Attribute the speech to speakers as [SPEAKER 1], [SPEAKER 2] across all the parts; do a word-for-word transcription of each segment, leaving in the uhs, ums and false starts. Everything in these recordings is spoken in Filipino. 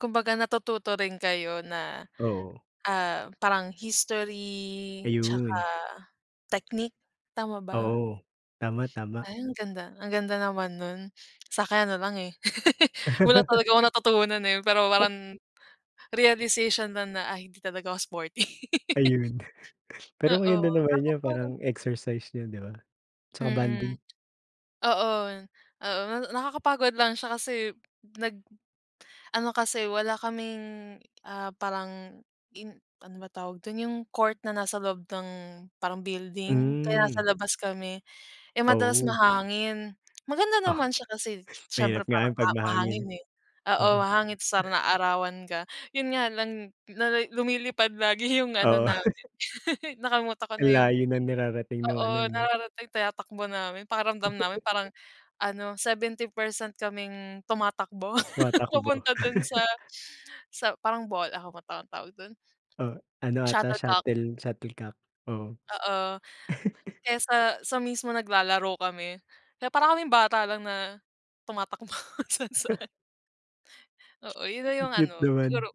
[SPEAKER 1] Kumbaga natututo rin kayo na,
[SPEAKER 2] Oo.
[SPEAKER 1] ah, parang history tsaka
[SPEAKER 2] Ayun.
[SPEAKER 1] technique, tama ba?
[SPEAKER 2] Oo, tama tama.
[SPEAKER 1] Ay ang ganda, ang ganda naman nun. Sakin ano lang, eh, wala talaga akong natutunan, eh, pero parang realization lang na, ah, hindi talaga ako sporty.
[SPEAKER 2] Ayun, pero ngayon
[SPEAKER 1] Oo
[SPEAKER 2] ano naman
[SPEAKER 1] kaso
[SPEAKER 2] yung
[SPEAKER 1] parang.
[SPEAKER 2] parang exercise niyo di ba tsaka
[SPEAKER 1] Mm
[SPEAKER 2] bonding?
[SPEAKER 1] oo, oo na nakakapagod lang siya kasi nag ano kasi wala kaming, ah, parang in ano ba tawag dun yung court na nasa loob ng parang building. Kaya nasa
[SPEAKER 2] Mm.
[SPEAKER 1] labas kami, eh, madalas
[SPEAKER 2] Oo.
[SPEAKER 1] mahangin. Maganda
[SPEAKER 2] Ah,
[SPEAKER 1] naman siya kasi syempre
[SPEAKER 2] mahirap nga
[SPEAKER 1] parang
[SPEAKER 2] yung pag
[SPEAKER 1] maha
[SPEAKER 2] mahangin,
[SPEAKER 1] mahangin, eh, oo
[SPEAKER 2] oo.
[SPEAKER 1] mahangin tas parang naaarawan ka. Yun nga lang nali lumilipad lagi yung ano
[SPEAKER 2] Oo.
[SPEAKER 1] namin nakalimutan ko na
[SPEAKER 2] Ang
[SPEAKER 1] yung,
[SPEAKER 2] layo ng nirarating nung
[SPEAKER 1] oo
[SPEAKER 2] ano no?
[SPEAKER 1] nararating tinatakbo namin, pakiramdam namin parang ano seventy percent kaming tumatakbo
[SPEAKER 2] Tumatakbo.
[SPEAKER 1] papunta dun sa, sa parang ball ano bang tawa tawag dun?
[SPEAKER 2] Oh ano ata
[SPEAKER 1] Shuttlecock.
[SPEAKER 2] shuttle shuttlecock, oo.
[SPEAKER 1] Oo kaya sa sa mismo naglalaro kami kaya parang kaming bata lang na tumatakbo kung saan-saan. Oo yun na
[SPEAKER 2] Ang
[SPEAKER 1] yung
[SPEAKER 2] cute
[SPEAKER 1] ano siguro
[SPEAKER 2] naman.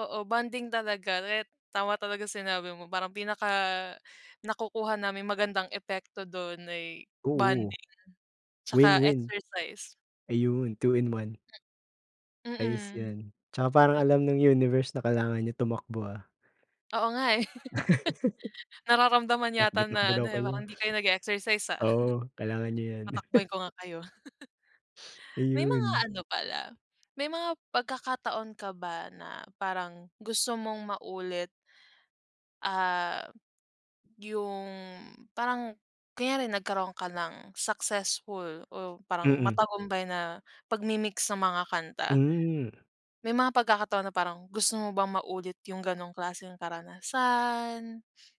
[SPEAKER 1] oo bonding talaga ret tama talaga sinabi mo parang pinaka nakukuha namin magandang epekto dun ay
[SPEAKER 2] Oo.
[SPEAKER 1] bonding
[SPEAKER 2] Win
[SPEAKER 1] tsaka
[SPEAKER 2] win.
[SPEAKER 1] exercise.
[SPEAKER 2] Ayun two in one Ayos
[SPEAKER 1] Mm.
[SPEAKER 2] yan tsaka parang
[SPEAKER 1] Nag
[SPEAKER 2] alam ng universe na kailangan niyo tumakbo, ah.
[SPEAKER 1] Oo nga, eh. Nararamdaman
[SPEAKER 2] Takbo
[SPEAKER 1] yata
[SPEAKER 2] takbo
[SPEAKER 1] na
[SPEAKER 2] daw
[SPEAKER 1] ano, eh,
[SPEAKER 2] kayo.
[SPEAKER 1] parang hindi kayo nag-exercise, ah.
[SPEAKER 2] Oo kailangan nyo yan.
[SPEAKER 1] Patakbuhin ko nga kayo. May mga
[SPEAKER 2] Ayun.
[SPEAKER 1] ano pala, may mga pagkakataon ka ba na parang gusto mong maulit ah, yung parang kunyari nagkaroon ka ng successful o parang
[SPEAKER 2] Mm.
[SPEAKER 1] matagumpay na pagmimix ng mga kanta?
[SPEAKER 2] Hmm.
[SPEAKER 1] May mga pagkakataon na parang gusto mo bang maulit yung ganong klaseng karanasan?